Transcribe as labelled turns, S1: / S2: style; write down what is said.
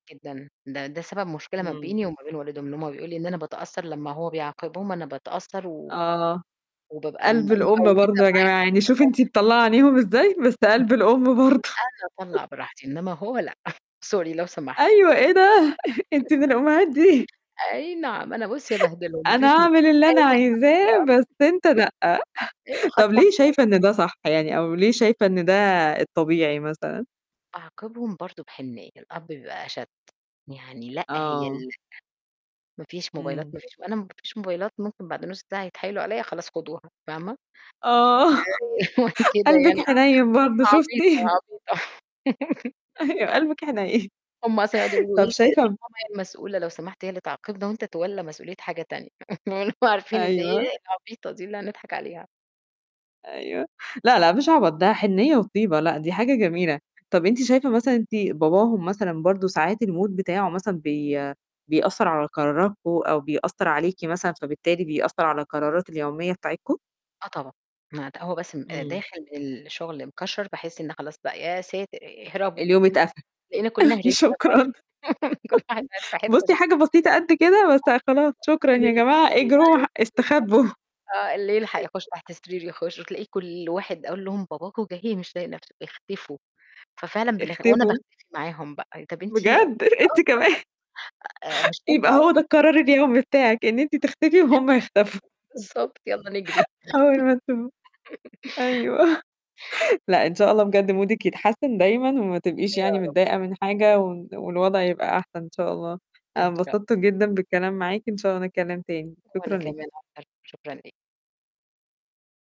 S1: جدًا. ده ده سبب مشكلة ما
S2: إمم.
S1: بيني وما بين والدهم إن هم بيقول لي إن أنا باتأثر لمّا هو بيعاقبهم أنا باتأثّر و
S2: آه.
S1: وبابقى م
S2: قَلْب الأم
S1: مبوّزة
S2: برضه يا جماعة،
S1: معاهم
S2: يعني شوفي أنتِ مطلّعة عينيهم إزاي، بس
S1: [unintelligible] أنا
S2: قَلْب الأم برضه.
S1: أنا أطلّع براحتي، إنّما هو لأ، sorry لو سمحت.
S2: أيوه، إيه ده؟ أنتِ من الأمّهات دي.
S1: أي نعم، أنا بُصّي أبهدلهم ما
S2: أنا
S1: فيش
S2: أعمل
S1: مشكلة،
S2: اللي أنا
S1: أي حد
S2: عايزاه،
S1: يقر
S2: بس أنت لأ.
S1: أيوه خط
S2: طَب ليه
S1: أحمر
S2: شايفة إن ده صح يعني أو ليه شايفة إن ده الطبيعي مثلًا؟
S1: أعاقبهم برضه بحنيّة، الأب بيبقى أشد، يعني لأ، هي ال
S2: آه.
S1: لأ ما فيش موبايلات،
S2: إمم.
S1: ما فيش م أنا ب ما فيش موبايلات، ممكن بعد نُص ساعة يتحايلوا عليّا "خلاص خدوها" فاهمة؟
S2: آه،
S1: آآ وكده
S2: قَلْبِك
S1: يعني
S2: حنيّن برضه
S1: آه، عبيطة،
S2: شُفتِ؟
S1: عبيطة.
S2: أيوه، قَلْبِك حنيّن.
S1: هم أصلًا يقعٌدوا يقولوا له
S2: طَب
S1: إيه: آآ "سيب
S2: شايفة
S1: ماما هي المسؤولة لو سمحت، هي اللي تعاقبنا وأنت اتولّى مسؤولية حاجة تانية." اللي هو عارفين إن
S2: أيوه.
S1: هي العبيطة دي اللي هنضحك عليها.
S2: أيوه. لأ، لأ، مش عبط، ده حنيّة وطيبة، لأ، دي حاجة جميلة. طَب أنتِ شايفة مثلًا أنتِ باباهم مثلًا برضه ساعات الmood بتاعه مثلًا بي بيأثّر على قرارتكم أو بيأثّر عليكِ مثلًا، فبالتالي بيأثّر على القرارات اليومية بتاعتكم؟
S1: آه طبعًا. ما هو بس م آآ
S2: إمم.
S1: داخل الشُغل مكشَّر، باحس إن خلاص بقى، يا ساتر آآ اهربوا.
S2: اليوم اتقفل.
S1: تلاقينا كُلّنا هربنا بقى
S2: شكرًا.
S1: كل واحد بات في حتّة شكل.
S2: بُصّي، حاجة بسيطة قد كده، بس خلاص
S1: [unintelligible]
S2: شكرًا يا
S1: أيوه
S2: جماعة
S1: بالضبط.
S2: اجروا ه استخبّوا.
S1: آه، اللي يلحق يخُش تحت سرير يخٌش وتلاقي كل واحد أقول لهم: "باباكم جاي مش طايق نَفْسه، اختفوا." ففعلًا بنخ وأنا
S2: اختفوا.
S1: باختفي معاهم بقى، طَب أنتِ آه
S2: بجد! أنتِ كمان؟
S1: طبعًا. آآ مش هُم
S2: يبقى هو ده القرار
S1: [unintelligible]
S2: اليومي بتاعِك، إن أنتِ تختفي وهُم يختفوا.
S1: بالضبط، يالّا نجري.
S2: أول ما تب أيوه. لأ، إن شاء الله بجد مودِك يتحسِّن دايمًا وما تبقيش يعني
S1: يا رب.
S2: متضايقة من حاجة و والوضع يبقى أحسن إن شاء الله. أنا
S1: إن شاء
S2: انبسطت جدًا بالكلام معاكِ، إن شاء الله نتكلِّم تاني،
S1: وأنا
S2: شكرًا ليكِ.
S1: كمان أكتر، شكرًا ليكِ.